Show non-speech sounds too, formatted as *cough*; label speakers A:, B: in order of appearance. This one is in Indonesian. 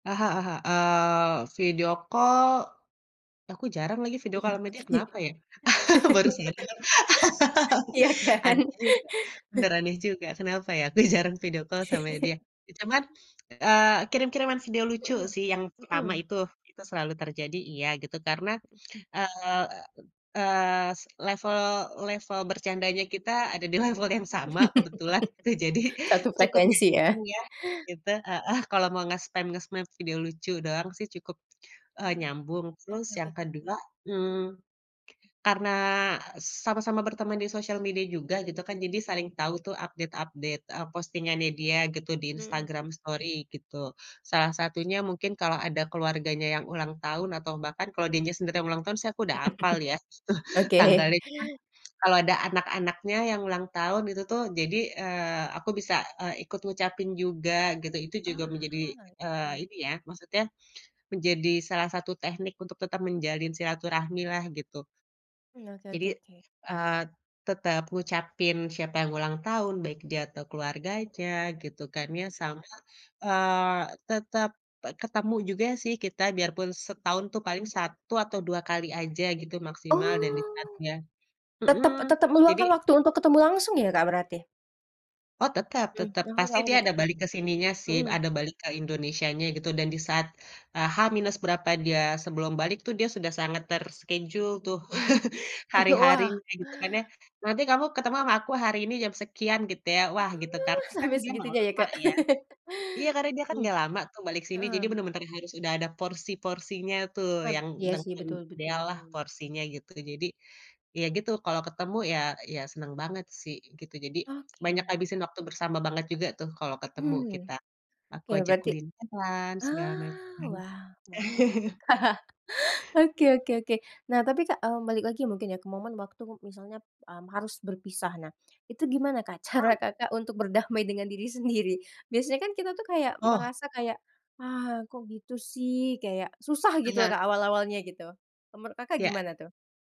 A: Ah hah Ah hah, eee, video call, aku jarang lagi video
B: Wih
A: call sama dia
B: pasti.
A: kenapa ya? *laughs* Baru
B: *laughs*
A: sadar.
B: Ya kan.
A: *laughs* *unintelligible* bener aneh juga kenapa ya aku jarang video call sama
B: *laughs*
A: dia, ya cuman, eee, kirim-kiriman video lucu
B: Mhm,
A: sih yang pertama
B: mhm.
A: itu, itu selalu terjadi iya gitu karena, eee, eee, level level bercandanya kita ada di level yang sama kebetulan gitu. Jadi
B: *laughs* Satu
A: cukup
B: frekuensi ya.
A: nyambung ya, gitu, heeh, kalau mau ngespam-ngespam video lucu doang sih cukup, eee,
B: Eee,
A: nyambung. Terus
B: oke oke
A: yang
B: oke, mmm.
A: kedua, mmm, karena sama-sama berteman di sosial media juga gitu kan, jadi saling tahu tuh update-update, eee, postingannya dia gitu di
B: Mhm.
A: Instagram story gitu. Salah satunya mungkin kalau ada keluarganya yang ulang tahun atau bahkan kalau dirinya sendiri yang ulang tahun sih aku udah hafal ya
B: *chuckles*
A: *chuckles*
B: Oke.
A: tanggalnya cuman, kalau ada anak-anaknya yang ulang tahun itu tuh, jadi, eee, aku bisa, eee, ikut ngucapin juga gitu. Itu juga menjadi
B: Oh,
A: eee,
B: iya.
A: ini ya, maksudnya menjadi salah satu teknik untuk tetap menjalin silaturahmi lah gitu.
B: Mmm, oke
A: Jadi,
B: oke oke.
A: eee, tetep ngucapin siapa yang ulang tahun, baik dia atau keluarganya gitu kan
B: Hmm.
A: ya sama, eee, tetep ketemu juga sih kita biarpun setahun tuh paling satu atau dua kali aja gitu maksimal dan di saat
B: Oh,
A: dia
B: tetap
A: mhm,
B: tetap
A: jadi
B: meluangkan waktu untuk ketemu langsung ya, Kak, berarti?
A: Oh tetep
B: Mhm,
A: tetep.
B: aku
A: Pasti
B: tau
A: dia ada
B: tetepmya,
A: balik ke sininya sih,
B: mhm.
A: ada balik ke Indonesia nya gitu. Dan di saat H minus berapa dia sebelum balik tuh dia sudah sangat terschedule tuh,
B: Mhm,
A: *laughs*
B: *laughs* wah.
A: hari-harinya gitu kan ya. Nanti kamu ketemu sama aku hari ini jam sekian gitu ya. Wah,
B: Oh,
A: gitu karena kan
B: sampai
A: dia nggak
B: segitunya ya,
A: lama
B: Kak.
A: ya.
B: *laughs*
A: Iya karena dia kan
B: Mhm,
A: nggak lama tuh balik sini, jadi
B: heeh.
A: bener-bener harus udah ada porsi-porsinya tuh,
B: Hmm,
A: yang
B: iya sih
A: dengan
B: betul
A: ideal lah
B: betul.
A: porsinya gitu. Jadi ya gitu, kalau ketemu ya ya senang banget sih gitu. Jadi banyak
B: Oke.
A: ngabisin waktu bersama banget juga tuh kalau ketemu
B: Hmm,
A: kita. Aku
B: oke
A: ajak
B: berarti
A: kulineran segala
B: ah,
A: macam.
B: wah mantap.
A: *chuckles*
B: *laughs* Oke oke oke, nah tapi, Kak, eee, balik lagi mungkin ya ke momen waktu misalnya, mmm, harus berpisah nah, itu gimana, Kak, cara,
A: Mmm.
B: Kakak, untuk berdamai dengan diri sendiri? Biasanya kan kita tuh kayak
A: Oh.
B: merasa kayak, "ah, kok gitu sih" kayak susah gitu loh,
A: Iya.
B: Kak, awal-awalnya gitu, menurut, Kakak,
A: Ya.
B: gimana tuh?